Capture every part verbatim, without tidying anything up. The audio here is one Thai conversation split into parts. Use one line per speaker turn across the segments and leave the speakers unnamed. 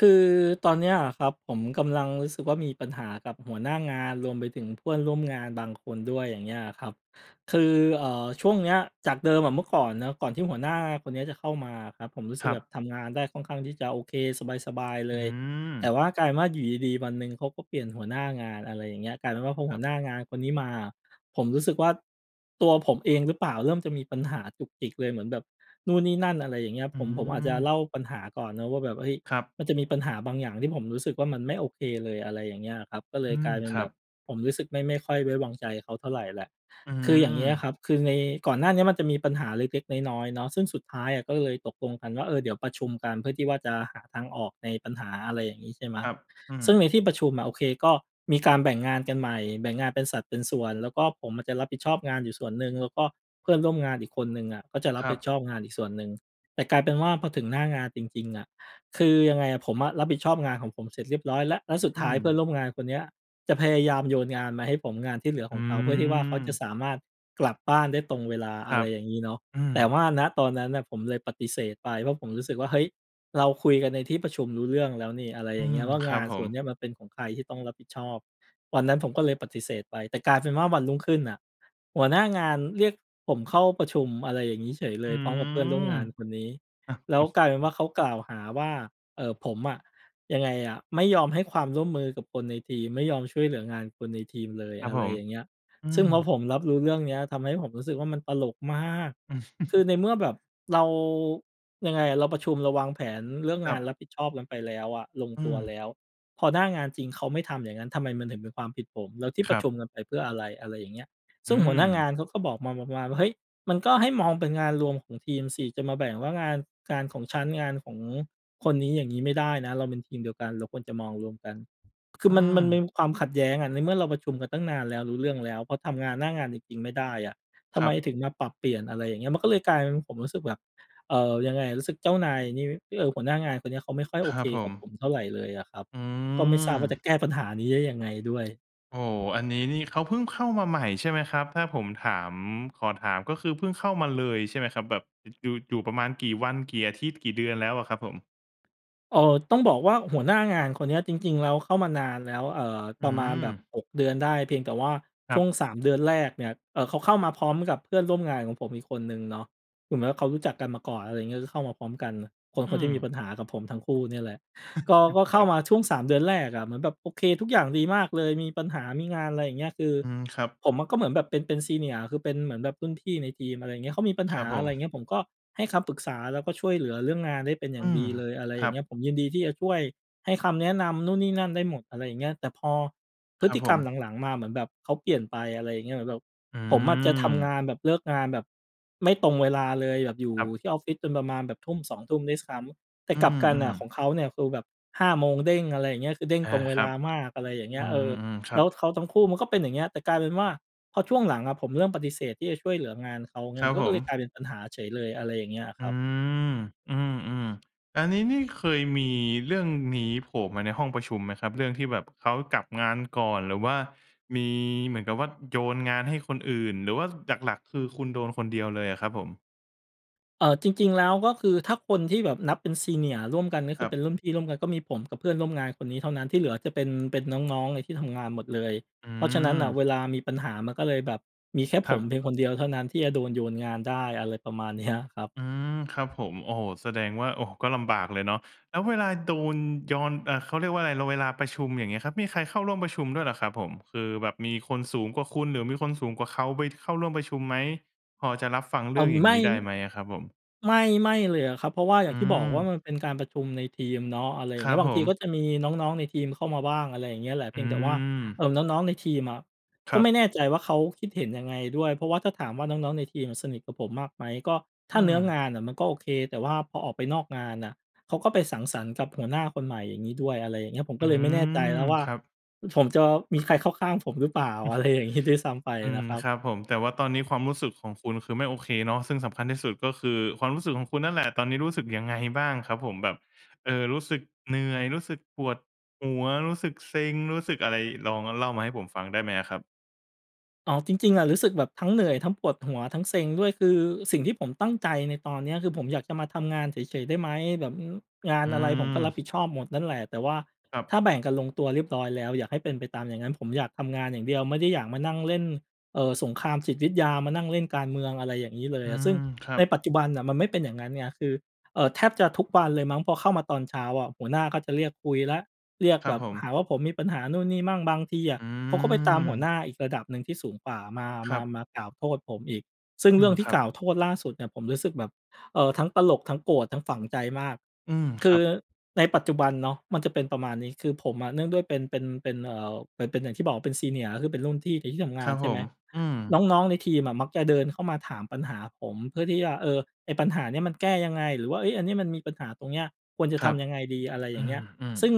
คือตอนเนี้ยอะครับ ผมกำลังรู้สึกว่ามีปัญหากับหัวหน้างาน รวมไปถึงเพื่อนร่วมงานบาง คนด้วย อย่างเงี้ยอะครับ คือ เอ่อ ช่วงเนี้ย จากเดิมอะเมื่อก่อนเนาะ ก่อนที่หัวหน้าคนนี้จะเข้ามาอะครับ ผมรู้สึ
ค
ก
รั
แบ
บ
บทำงานได้ค่อนข้างที่จะโอเค สบาย ๆ เล
อื
ย แต่
อ
ว่ากลายเป็นว่าอยู่ดี ๆ วันหนึ่งเขาก็เปลี่ยนหัวหน้างาน อะไรอย่างเงี้ย กลายเป็นว่าพอห
ค
ั
รั
ว
บ
หน้า งานคนนี้มา ผมรู้สึกว่า ตัวผมเองหรือเปล่า เริ่มจะมี ปัญหาจุกจิกเลย เหมือนแบบนู่นนี่นั่น อะไรอย่างเงี้ย
อื
ผม ผมอาจจะ
อ
เล่าปัญหาก่อนเนาะว่า แบบ เฮ้ย
ครับ
มันจะมีปัญหาบางอย่างที่ผมรู้สึกว่า มันไม่โอเคเลย อะไรอย่างเงี้ยอะครับ ก็เล
อื
ยก
ม
ลายเป็
ค
น
ร
แ
ั
บบ
บ
ผมรู้สึกไม่-ไม่ค่อย ไว้วางใจเขาเท่าไรแหละ
อื
คืออย่างเงี้ยอะค
อ
รับ คือใน ก่อนหน้าเนี้ย มันจะมีปัญหาเล็ก ๆ น้อย ๆ เนาะ ซึ่งสุดท้ายอะก็เลยตกลงกันว่า เออ เดี๋ยวประชุมกัน เพื่อที่ว่าจะหาทางออกในปัญหา อะไรอย่างนี้ ใช่ไหม
ครับ อื
ซึ่
ม
งในที่ประชุมอะ โอเค ก็มีการแบ่งงานกันใหม่ แบ่งงานเป็นสัดเป็นส่วน แล้วก็ผมอะจะรับผิดชอบงานอยู่ส่วนหนึ่ง แล้วก็เพื่อนร่วมงานอีกคนหนึ่งอะ ก็จะรั
ค
บ
รั
ผิด
บ
ชอบงานอีกส่วนหนึ่ง แต่กลายเป็นว่าพอถึงหน้างานจริง ๆ อะ คือยังไงอะ ผมอะรับผิดชอบงานของผมเสร็จเรียบร้อยแล้ว แล้วสุด
อื
ท้ายเพื่อ
ม
นร่วมงานคนเนี้ย จะพยายามโยนงานมาให้ผม งานที่เหลือข
อื
องเขา เพื่อที่ว่าเขาจะ
อ
สามารถกลับบ้านได้ตรงเวลา
ค
อ
ร
ะ
ั
ไร
บ
อย่างงี้เนาะ
อื
แต่
ม
ว่า ณ ตอนนั้นน่ะ ผมเลยปฏิเสธไป เพราะผมรู้สึกว่า เฮ้ย เราคุยกันในที่ประชุมรู้เรื่องแล้วนี่ อะไร
อ
อ
ื
ย่างเง
ม
ี้ยว่า
ค
ง
รั
า
บ
น
ผ
ส่
ม
วนนี้มันเป็นของใครที่ต้องรับผิดชอบ วันนั้นผมก็เลยปฏิเสธไป แต่กลายเป็นว่าวันรุ่งขึ้นน่ะ หัวหน้า งานเรียกผมเข้าประชุม อะไรอย่างงี้เฉยเล
อื
ย พร้อมกับเพื่อนร่วมงานคนนี้
อ
แล้วกลายเป็นว่าเขากล่าวหาว่า เอ่อ ผมอะ ยังไงอะ ไม่ยอมให้ความร่วมมือกับคนในทีม ไม่ยอมช่วยเหลืองานคนในทีมเลย
ครั
อ
บ
ะ
ผ
ไร
ม
อย่างเงี้ย
อื
ซึ่
อ
งพอผมรับรู้เรื่องเนี้ย ทำให้ผมรู้สึกว่ามันตลกมาก คือในเมื่อแบบ เรา ยังไงอะ เราประชุม เราวางแผนเรื่อง
ค
ง
รั
าน
บ
รับผิดชอบกันไปแล้วอะ ลง
อื
ตัวแล
อ
้ว พอหน้างานจริงเขาไม่ทำอย่างงั้น ทำไมมันถึงเป็นความผิดผม? แล้วที่
ค
ปร
ร
ะ
ั
ช
บ
ุมกันไปเพื่ออะไร? อะไรอย่างเงี้ย ซ
อื
ึ่งหัวหน้าง
อ
านเขาก็บอกมาแบบประมาณว่า "เฮ้ย มันก็ให้มองเป็นงานรวมของทีมสิ จะมาแบ่งว่างาน การของฉัน งานของคนนี้ อย่างงี้ไม่ได้นะ เราเป็นทีมเดียวกัน เราควรจะมองรวมกัน" คือ
อื
มัน มันมี
อ
ความขัดแย้งอะ ในเมื่อเราประชุมกันตั้งนานแล้ว รู้เรื่องแล้ว เพราะทำงานหน้างานจริง ๆ ไม่ได้อะ ทำ
คร
ไม
ับ
ถึงมาปรับเปลี่ยน อะไรอย่างเงี้ย มันก็เลยกลายเป็นผมรู้สึกแบบ เอ่อ ยังไงอะ รู้สึกเจ้านายนี่ เอ่อ หัวหน้างานคนเนี้ย เขาไม่ค่อยโ
ค
อ
ร
เ
ั
ค
บผ
กับผ
ม
มเท่าไรเลยอะครับ
อื
ก็ไม่ทราบว่าจะ
อ
แก้ปัญหานี้ได้ยังไงด้วย
โอ้โฮ อันนี้นี่เขาเพิ่งเข้ามาใหม่ใช่ไหมครับ? ถ้าผมถาม ขอถามก็คือเพิ่งเข้ามาเลยใช่ไหมครับ? แบบ อ อยู่ อยู่ประมาณกี่วัน กี่อาทิตย์ กี่เดือนแล้วอะครับผม?
เอ่อ ต้องบอกว่าหัวหน้างานคนเนี้ยจริง ๆ แล้วเข้ามานานแล้ว เอ่อ
อ
ป
ื
ระมาณแบบ
ม
หก เดือนได้ เพียงแต่ว่า
ค
ช
รั
่
บ
วง สาม เดือนแรกเนี่ย เอ่อ เขาเข้ามาพร้อมกับเพื่อนร่วมงานของผมอีกคนหนึ่งเนาะ กลุ่มนั้นเขารู้จักกันมาก่อน อะไรอย่างเงี้ย คือเข้ามาพร้อมกัน คน
อ
ค
ื
นที
ม
่มีปัญหากับผมทั้งคู่เนี่ยแหละ ก็ ก็
ค
เข้
รั
า
บ
มาช่วง สาม เดือนแรกอะ เหมือนแบบโอเคทุกอย่างดีมากเลยมีปัญหา มีงาน อะไรอย่างเงี้ย คือ
อืม ครับ
ผมอะก็เหมือนแบบเป็น เป็น Senior คือเป็นเหมือนแบบรุ่นพี่ในทีม อะไรอย่างเงี้ย เขามีปัญ
ค
ห
ร
า
ับผ
อะไรอย่างเ
ม
งี้ย ผมก็ให้คำปรึกษา แล้วก็ช่วยเหลือเรื่องงานได้เป็นอย่
อ
า
ื
งด
ม
ีเลย อะไร
ค
อ
ร
ย
ั
่าง
บ
เงี้ย ผมยินดีที่จะช่วยให้คำแนะนำนู่นนี่นั่นได้หมด อะไรอย่างเงี้ย แต่พอพ
ค
ฤ
รั
ต
บ
ิ
ผ
กรรม
ม
หลัง ๆ มาเหมือนแบบเขาเปลี่ยนไป อะไรอย่างเงี้ย เหมือนแบบ
อื
ผมอะจะทำ
ม
งานแบบ เลิกงานแบบไม่ตรงเวลาเลย แบบอยู่
ครับ
ที่ออฟฟิศจนประมาณแบบทุ่ม สอง ทุ่มด้วยซ้ำ แต่
อื
กลับกันน่
อ
ะ ข
ๆ
องเขาเนี่ยคือแบบ ห้า โมงเด้ง อะไรอย่างเงี้ย จะเด้ง
อา
ตรงเว
คร
ล
ับ
ามาก อะไรอย่างเง
อื
ี้ย เออ
อ ๆ คร
แ
ั
ล้ว
บ
เขาทั้งคู่มันก็เป็นอย่างเงี้ย แต่กลายเป็นว่าพอช่วงหลังอะผมเริ่มปฏิเสธที่จะช่วยเหลืองานเขาไง
ครั
มั
บ
นก็
ผ
ก็เลย
ม
กลายเป็นปัญหาเฉยเลย อะไรอย่างเงี้ยอะ
อ
ค
ื
รับ
อ อือ ๆ อันนี้นี่เคยมีเรื่องนี้โผล่มาในห้องประชุมไหมครับ? เรื่องที่แบบ เขากลับงานก่อน หรือว่ามีเหมือนกับว่าโยนงานให้คนอื่น หรือว่า อ หลัก ๆ คือคุณโดนคนเดียวเลยอะครับผม?
เอ่อ จริง ๆ แล้ว ก็คือถ้าคนที่แบบนับเป็น Senior ร่วมกัน ก็
ค
คื
รั
อเ
บ
ป็นรุ่นพี่ร่วมกัน ก็มีผมกับเพื่อนร่วมงานคนนี้เท่านั้น ที่เหลือจะเป็น เป็น น้อง ๆ ที่ทำงานหมดเลย
อื
เพราะฉะนั้นน่ะ
ม
เวลามีปัญหามันก็เลยแบบมีแค่
ค
ผ
รั
ม
บ
เพียงคนเดียวเท่านั้น ที่จะโดนโยนงานได้ อะไรประมาณ เนี้ย ครับ
อืม ครับผม โอ้โฮ แสดงว่า โอ้ ก็ลำบากเลยเนาะ แล้วเวลาโดนยอน อ่า เขาเรียกว่าอะไร ล เวลาประชุม อย่างเงี้ยครับ มีใครเข้าร่วมประชุมด้วยเหรอครับผม? คือแบบมีคนสูงกว่าคุณ หรือมีคนสูงกว่าเขาไปเข้าร่วมประชุมไหม? พอจะรับฟังเ
เ
ร
อ
ื่
่
อ
อ
งอย่า
ไ
ง
ม
งี
่
้ได้ไหมอะครับผม?
ไม่ ไม่เลยอะครับ เพราะว่าอ
อ
ย
ื
่างที่บอกว่า
ม
มันเป็นการ ประชุมในทีมเนาะ อะไรอย
ค
่าง
ร
เง
ั
ี้
บ
ย บา
ผ
งทีก็
ม
จะมีน้อง ๆ ในทีมเข้ามาบ้าง อะไรอย่างเงี้ยแหละ เ
อ
พี
ื
ยงแต่ว่า เอ
ม
่อ น้อง ๆ ในทีมอะ
ค
ก็
รับ
ไม่แน่ใจว่าเขาคิดเห็นยังไงด้วย เพราะว่าถ้าถามว่าน้อง ๆ ในทีมอะสนิทกับผมมากไหม? ก็ถ
อ
้
ื
าเนื้อง
ม
านน่ะมันก็โอเค แต่ว่าพอออกไปนอกงานน่ะ เขาก็ไปสังสรรค์กับหัวหน้าคนใหม่อย่างงี้ด้วย อะไรอย่างเงี้ย ผม
อ
ก
ื
็เลยไม่แน่ใจ
ม
แล้วว่า
ครับ
อ ผมจะมีใครเข้าข้างผมหรือเปล่า อะไรอย่างงี้ ด้วยซ้ำไป
อื
น
ม
ะครับ
ครับผม แต่ว่าตอนนี้ความรู้สึกของคุณ คือไม่โอเคเนาะ ซึ่งสำคัญที่สุด ก็คือความรู้สึกของคุณนั่นแหละ ตอนนี้รู้สึกยังไงบ้างครับผม? แบบ เออ รู้สึกเหนื่อย รู้สึกปวดหัว รู้สึกเซ็ง รู้สึกอะไร ลองเล่ามาให้ผมฟังได้ไหมอะครับ?
อ๋อ จริง ๆ อะ รู้สึกแบบทั้งเหนื่อย ทั้งปวดหัว ทั้งเซ็งด้วย คือสิ่งที่ผมตั้งใจในตอนเนี้ย คือ "ผมอยากจะมาทำงานเฉย ๆ ได้ไหม?" แบบ อืม งา
อ
น
ื
อะไรผมก็รับ
ม
ผิดชอบหมดนั่นแหละ แต่ว่า
ครับ
ถ้าแบ่งกันลงตัวเรียบร้อยแล้ว อยากให้เป็นไปตามอย่างนั้น ผมอยากทำงานอย่างเดียว ไม่ได้อยากมานั่งเล่น เอ่อ สงครามจิตวิทยา มานั่งเล่นการเมือง อะไรอย่างงี้เล
อ
ย
ื
อะ ซึ่
ม
ง
ครั
ใน
บ
ปัจจุบันน่ะ มันไม่เป็นอย่างงั้นไง คือ เอ่อ แทบจะทุกวันเลยมั้ง พอเข้ามาตอนเช้าอะ หัวหน้าเขาจะเรียกคุยแล้ว เรียก
ครั
แบ
บ
บ
ผ
ห
ม
าว่าผมมีปัญหานู่นนี่มั่ง บางทีอะ
อื
เขาก็ไปตามหัวหน
ม
้าอีกระดับหนึ่งที่สูงกว่า มา
ค
ม
ร
า
ับ
มากล่าวโทษผมอีก ซึ่ง
อื
เรื่
ม
องที
ค
่
รับ
กล่าวโทษล่าสุดเนี่ย ผมรู้สึกแบบ เอ่อ ทั้งตลก ทั้งโกรธ ทั้งฝังใจมาก
อืม
ค
ค
ื
รั
อ
บ
ในปัจจุบันเนาะ มันจะเป็นประมาณนี้ คือผมอ่ะ เนื่องด้วยเป็น เป็น เป็น เอ่อ เป็น เป็นอย่างที่บอกเป็น Senior ก็คือ เป็นรุ่นพี่ในที่ทำง
ค
า
ร
น
ับ
ใช
ผ
่ไหม
ม อื
น
ม
้อง ๆ ในทีมอะ มักจะเดินเข้ามาถามปัญหาผม เพื่อที่จะ เออ "ไอ้ปัญหาเนี้ย มันแก้ยังไง? หรือว่า เฮ้ย อันนี้มันมีปัญหาตรงเนี้ย ควรจะ
ค
ท
รับ
ำยังไงดี?" อะไรอ
อ
ย่างเงี้ย
ืม
ซึ่ง
ๆ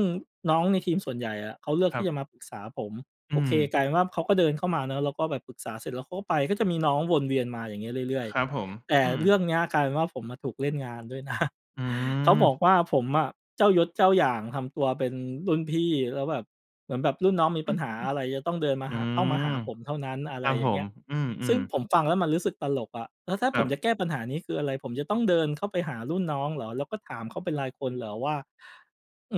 น้องในทีมส่วนใหญ่อะ เขาเลือก
ค
ท
ร
ี
ั
่
บ
จะมาปรึกษาผม
อื
โอเค ก
ม
ลายเป็นว่าเขาก็เดินเข้ามาเนาะ แล้วก็แบบปรึกษาเสร็จแล้ว เขาก็ไป ก็จะมีน้องวนเวียนมาอย่างงี้เรื่อย
ครับผม
ๆ แต่
อื
เรื่อ
ม
งเนี้ย กลายเป็นว่าผมอะถูกเล่นงานด้วย นะ
อื
เขาบอ
ม
กว่า ผมอะ "เจ้ายศเจ้าอย่างทำตัวเป็นรุ่นพี่ แล้วแบบเหมือนแบบรุ่นน้องมีปัญหาอะไร จะต้องเดินมา
อื
หา เข้ามาหา
ม
ผมเท่านั้น" อะ
ค
ไร
รับ
อย
ผ
่างเงี้
ม
ย
อื
ซึ่ง
ม ๆ
ผมฟังแล้วมันรู้สึกตลกอะ แล้วถ้า
ค
ผ
รั
ม
บ
จะแก้ปัญหานี้ คืออะไร? ผมจะต้องเดินเข้าไปหารุ่นน้องเหรอ? แล้วก็ถามเขาเป็นรายคนเหรอว่า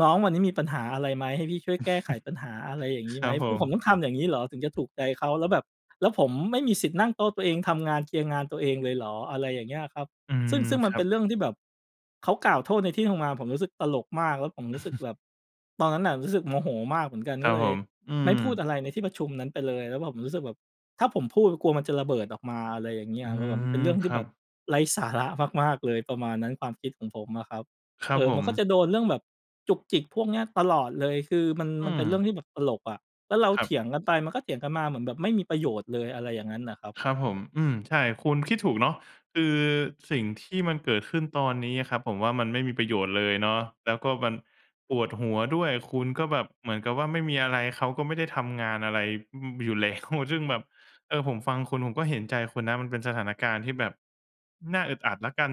"น้องวันนี้มีปัญหาอะไรไหม ให้พี่ช่วยแก้ไขปัญหาอะไรอย่างงี้
ค
ไห
ร
ม?"
ับผ
คือผมต้
ม
องทำอย่างงี้เหรอ ถึงจะถูกใจเขา? แล้วแบบ แล้วผมไม่มีสิทธิ์นั่งโต๊ะตัวเอง ทำงาน เคลียร์งานตัวเองเลยเหรอ? อะไรอย่างเงี้ยอะครับ
อื
ซึ
ม
่ง ซึ่ง
ค
มัน
รั
เป็
บ
นเรื่องที่แบบ เขากล่าวโทษในที่ทำงาน ผมรู้สึกตลกมาก แล้วผมรู้สึกแบบ ตอนนั้นน่ะ รู้สึกโมโหมากเหมือนกัน
ค
ก
รั
็
บ
เล
ผ
ย
ม อื
ไม่พูด
ม
อะไรในที่ประชุมนั้นไปเลย แล้วแบบผมรู้สึกแบบ ถ้าผมพูดกลัวมันจะระเบิดออกมา อะไรอย่างเงี
อ
้
ื
ย แล้วแบบมัน
ม
เป็นเรื่อง
ค
ที่
รั
แบ
บ
บไร้สาระมาก ๆ เลย ประมาณนั้น ความคิดของผมอะครับ
ครั
เอ
บ
อ
ผ
มันก็
ม
จะโดนเรื่องแบบจุกจิกพวกเนี้ยตลอดเลย คือมัน
อื
มันเป็นเรื่
ม
องที่แบบตลกอะ แล้วเรา
ครั
เ
บ
ถียงกันไป มันก็เถียงกันมา เหมือนแบบไม่มีประโยชน์เลย อะไรอย่างงั้นน่ะครับ
ครับผม อืม ใช่ คุณคิดถูกเนาะ คือสิ่งที่มันเกิดขึ้นตอนนี้อะครับ ผมว่ามันไม่มีประโยชน์เลยเนาะ แล้วก็มันปวดหัวด้วย คุณก็แบบเหมือนกับว่าไม่มีอะไร เขาก็ไม่ได้ทำงานอะไร อืม อยู่ แล้ว ซึ่งแบบ เออ ผมฟังคุณผมก็เห็นใจคุณนะ มันเป็นสถานการณ์ที่แบบน่าอึดอัดแล้วกัน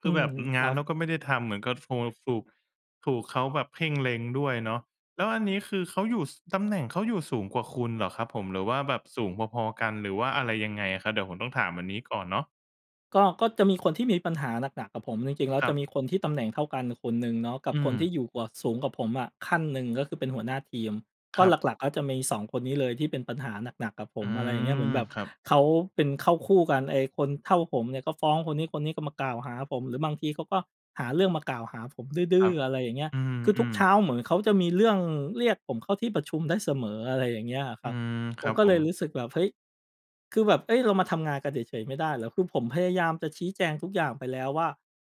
ค
อื
ือแ
ม
บบ
ค
ง
ร
า
ั
น
บ
เขาก็ไม่ได้ทำ เหมือนกับซัวสูก ถูกเขาแบบเพ่ง เล็งด้วยเนาะ แล้วอันนี้ คือเขาอยู่ ส ตำแหน่งเขาอยู่สูงกว่าคุณเหรอครับผม? หรือว่าแบบสูงพอ ๆ กัน หรือว่าอะไรยังไงอะครับ? เดี๋ยวผมต้องถามอันนี้ก่อนเนาะ
ก็ ก็จะมีคนที่มีปัญหาหนัก ๆ กับผม จริง ๆ แล้ว
คร
จ
ั
ะ
บ
มีคนที่ตำแหน่งเท่ากันน่ะคนหนึ่งเนาะ กับ
อื
ค
ม
นที่อยู่กว่า สูงกว่าผมอะขั้นหนึ่ง ก็คือเป็นหัวหน้าทีม
ค
ก็
รับ
หลัก ๆ ก็จะมี สอง คนนี้เลยที่เป็นปัญหาหนัก ๆ กับผ
อื
ม อะไรอย่างเงี้ย เหมื
ม
อนแบบ
ครับ
เขาเป็นเข้าคู่กัน ไอ้คนเท่าผมเนี่ย ก็ฟ้องคนนี้ คนนี้ก็มากล่าวหาผม หรือบางทีเขาก็หาเรื่องมากล่าวหาผมด
ค
ื
ร
้
ั
อ
บ
ๆ อะไรอย่างเงี้ย
อื
คือทุก
ม
เช
ๆ
้าเหมือนเขาจะมีเรื่องเรียกผมเข้าที่ประชุมได้เสมอ อะไรอย่างเงี้ยอะค
อ
ร
ื
ับ
ม
ผ
คร
ม
ับ
ก็
ผ
เล
ม
ยรู้สึกแบบ เฮ้ย! คือแบบ เฮ้ย! เรามาทำงานกันเฉย ๆ ไม่ได้เหรอ? คือผมพยายามจะชี้แจงทุกอย่างไปแล้วว่า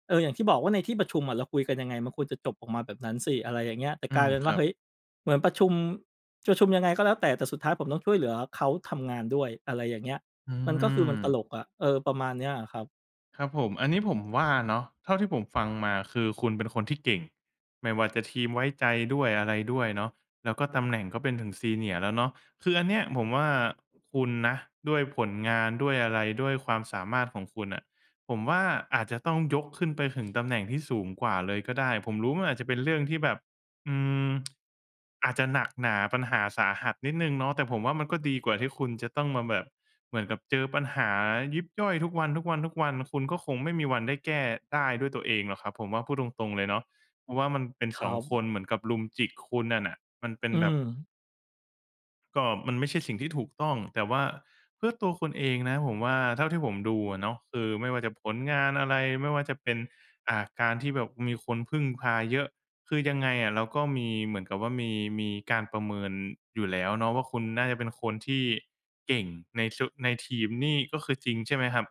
"เออ อย่างที่บอกว่าในที่ประชุมอะเราคุยกันยังไง มันควรจะจบออกมาแบบนั้นสิ" อะไรอย่างเงี้ย แต่
อื
กลา
ม
ยเป็น
ค
ว
ร
่า
ั
เ
บ
ฮ้ย! เหมือนประชุม ประชุมยังไงก็แล้วแต่ แต่สุดท้ายผมต้องช่วยเหลือเขาทำงานด้วย อะไรอย่างเงี้ย
อื
มันก็คือมันตล
ม
กอะ เออ ประมาณนี้อะครับ
ครับผม อันนี้ผมว่าเนาะ เท่าที่ผมฟังมา คือคุณเป็นคนที่เก่ง ไม่ว่าจะทีมไว้ใจด้วยอะไรด้วยเนาะ แล้วก็ตำแหน่งก็เป็นถึง senior แล้วเนาะ คืออันเนี้ยผมว่าคุณนะ ด้วยผลงานด้วยอะไร ด้วยความสามารถของคุณน่ะ ผมว่าอาจจะต้องยกขึ้นไปถึงตำแหน่งที่สูงกว่าเลยก็ได้ ผมรู้ว่ามันอาจจะเป็นเรื่องที่แบบ อืม อาจจะหนักหนาปัญหาสาหัสนิดหนึ่งเนาะ แต่ผมว่ามันก็ดีกว่าที่คุณจะต้องมาแบบ เหมือนกับเจอปัญหายิบย่อยทุกวัน ๆ ๆ คุณก็คงไม่มีวันได้แก้ ได้ด้วยตัวเองหรอกครับ ผมว่าพูดตรง ๆ เลยเนาะ เพราะว่ามันเป็น
ค
ส
รั
อง ค
บ
นเหมือนกับรุมจิกคุณนั่นน่ะ มันเป็น
อื
แบบ
ม
ก็มันไม่ใช่สิ่งที่ถูกต้อง แต่ว่าเพื่อตัวคุณเองนะ ผมว่าเท่าที่ผมดูอะเนาะ คือไม่ว่าจะผลงานอะไร ไม่ว่าจะเป็น อ่า การที่แบบมีคนพึ่งพาเยอะ คือยังไงอะเราก็มี เหมือนกับว่ามี มีการประเมินอยู่แล้วเนาะว่า คุณน่าจะเป็นคนที่เก่งใน ซ ในทีม นี่ก็คือจริง ใช่ไหมครับ?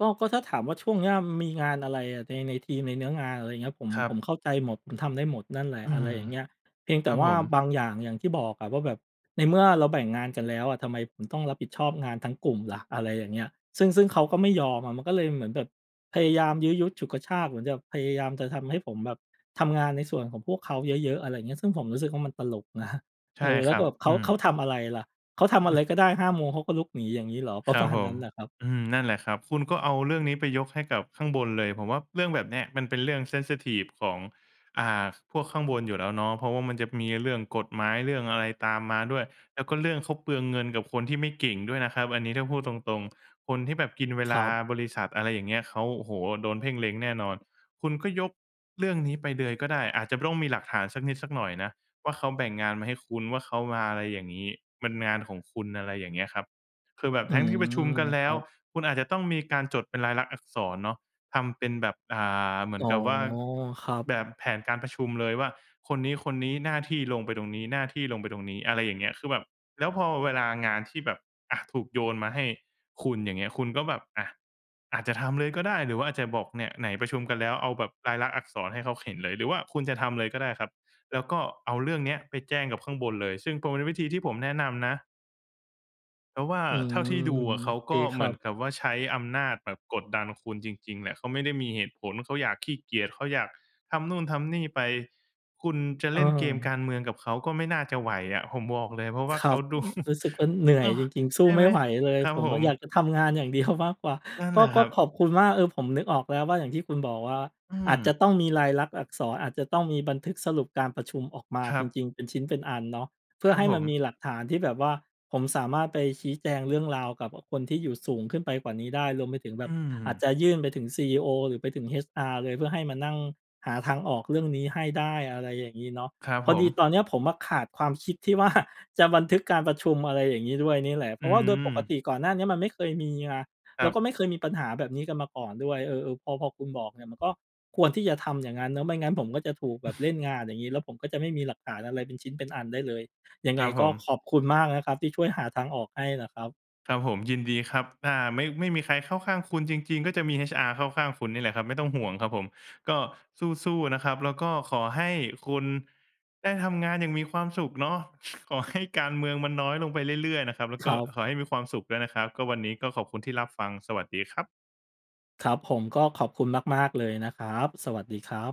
ก็ ก็ถ้าถามว่าช่วงเนี้ย อืม มีงานอะไรอะใน ในทีม ในเนื้องาน อะไรอย่างเงี้ย ผม
ครั
ผม
บ
เข้าใจหมด ผมทำได้หมดนั่นแหล
อ
ะ
ื
อะไ
ม
รอย่างเงี้ย เพียงแ
ค
ต
ร
่
ับ
ว่
ผ
า
ม
บางอย่าง อย่างที่บอกอะว่า แบบในเมื่อเราแบ่งงานกันแล้วอะ ทำไมผมต้องรับผิดชอบงานทั้งกลุ่มล่ะ? อะไรอย่างเงี้ย ซึ่ง ซึ่งเขาก็ไม่ยอมอะ มันก็เลยเหมือนแบบพยายามยื้อยุดฉุดกระชาก เหมือนแบบพยายามจะทำให้ผมแบบทำงานในส่วนของพวกเขาเยอะ ๆ อะไรอย่างเงี้ย ซึ่งผมรู้สึกว่ามันตลก นะ
ใช
เอ
่
อ แล
ค
้
ร
วก
ั
็
บ
แบบเข
อื
า เขา
ม
ทำอะไรล่ะ? เขาท
อื
ำ
อ
อะ
ฮ
ไ
ึ
รก็ได้ ห้า โมงเขาก็ลุกหนี อย่างนี้เหรอ? ปร
ค
ะ
รั
ม
บ
าณ
ผ
นั
ม
้นน่ะครับ
อืม นั่นแหละครับ คุณก็เอาเรื่องนี้ไปยกให้กับข้างบนเลย ผมว่าเรื่องแบบเนี้ยมันเป็นเรื่อง เซนซิทิฟ ของ อ่า พวกข้างบนอยู่แล้วเนาะ เพราะว่ามันจะมีเรื่องกฎหมาย เรื่องอะไรตามมาด้วย แล้วก็เรื่องเขาเปลืองเงินกับคนที่ไม่เก่งด้วยนะครับ อันนี้ถ้าพูดตรง ๆ คนที่แบบกินเว
ค
ล
ร
า
ับ
บริษัท อะไรอย่างเงี้ย เขา โอ้โฮ! โดนเพ่งเล็งแน่นอน คุณก็ยกเรื่องนี้ไปเลยก็ได้ อาจจะ ป ต้องมีหลักฐานสักนิดสักหน่อยนะว่า เขาแบ่งงานมาให้คุณ ว่าเขามาอะไรอย่างงี้ มันงานของคุณ อะไรอย่างเงี้ยครับ คือแบบ
อื
ทั้งที
ม
่ประชุมกันแ
ค
ล้
รั
ว
บ
คุณอาจจะต้องมีการจดเป็นลายลักษณ์อักษรเนาะ ทำเป็นแบบ อ่า เหมื
อ
อ
๋
น
อ
กับว่า
ครับ
แบบแผนการประชุมเลยว่า คนนี้ ๆ หน้าที่ลงไปตรงนี้ หน้าที่ลงไปตรงนี้ อะไรอย่างเงี้ย คือแบบ แล้วพอเวลางานที่แบบ อะ ถูกโยนมาให้คุณ อย่างเงี้ย คุณก็แบบ อะ อาจจะทำเลยก็ได้หรือว่าอาจจะบอก "เนี่ย ไหนประชุมกันแล้ว" เอาแบบลายลักษณ์อักษรให้เขาเห็นเลย หรือว่าคุณจะทำเลยก็ได้ครับ แล้วก็เอาเรื่องนี้ไปแจ้งกับข้างบนเลย ซึ่งก็เป็นวิธีที่ผมแนะนำนะ เพราะว่า
อื
เท
ม
่าที่ดูอะ
โ
เข
อ
า
เค
ก็
ค
เหม
รั
ือน
บ
กับว่า ใช้อำนาจแบบกดดันคุณจริง ๆ แหละ เขาไม่ได้มีเหตุผล เขาอยาก ขี้เกียจ เขาอยากทำโน่นทำนี่ไป คุณจะเล่นเกมก
เออ
ารเมืองกับเขา ก็ไม่น่าจะไหวอะ ผมบอกเลย เพราะว่า
คร
เข
ั
า
บ
ดู
อ รู้สึกว่าเหนื่
เน
อย
าะ
จริง ๆ ส
ใ
ู
ช
้
่
ไ
ไ
ม
หม?
่ไหวเลย
ครับ
ผม
ผ
อะ
ม
อยากจะทำงานอย่าง เดียว มากกว่า
นั่นแ
ก
หล
็
ะค
ก
ร
็
ับ
ขอบคุณมาก เออ ผมนึกออกแล้วว่า อย่างที่คุณบอกว่า
อื
อาจจะ
ม
ต้องมีลายลักษณ์อักษร อาจจะต้องมีบันทึกสรุปการประชุมออกมา
คร
จ
ับ
ริง ๆ เป็นชิ้นเป็นอันเนาะ เพื่
ค
อ
รั
ใ
บ
ห้
ผ
มัน
ม
มีหลักฐานที่แบบว่า ผมสามารถไปชี้แจงเรื่องราวกับ อ คนที่อยู่สูงขึ้นไปกว่านี้ได้ รวมไปถึงแบ
อ
บ
ื
อาจ
ม
จะยื่นไปถึง CEO หรือไปถึง HR เลย เพื่อให้มานั่งหาทางออกเรื่องนี้ให้ได้ อะไรอย่างนี้เนาะ
ครับ
พอ
ผ
ดี
ม
ตอนนี้ผมอะขาดความคิดที่ ว่า จะบันทึกการประชุม อะไรอย่างนี้ด้วยนี่แหละ เพ
อื
ราะว่าโดยปก
ม
ติก่อนหน้านี้มันไม่เคยมีไง
ค
แล
ร
้
ั
ว
บ
ก็ไม่เคยมีปัญหาแบบนี้กันมาก่อนด้วย เออ ๆ พอ พอคุณบอกเนี่ย มันก็ควรที่จะทำ อย่างนั้นเนาะ ไม่งั้นผมก็จะถูกแบบเล่นงานอย่างนี้ แล้วผมก็จะไม่มีหลักฐานอะไร เป็นชิ้นเป็นอันได้เลย ยัง
ค
ไง
รับผ
ก็
ม
ขอบคุณมากนะครับ ที่ช่วยหาทางออกให้น่ะครับ
ครับผม ยินดีครับ ถ้าไม่ ไม่มีใครเข้าข้างคุณจริง ๆ ก็จะมี HR เข้าข้างคุณนี่แหละครับ ไม่ต้องห่วงครับผม ก็สู้ ๆ นะครับ แล้วก็ขอให้คุณ ได้ทำงานอย่างมีความสุขเนาะ ขอให้ การเมืองมันน้อยลงไปเรื่อย ๆ นะครับ แล้ว
ค
ก็
รับ
ขอให้มีความสุขด้วยนะครับ ก็วันนี้ก็ขอบคุณที่รับฟัง สวัสดีครับ
ครับผม ก็ขอบคุณมาก ๆ เลยนะครับ สวัสดีครับ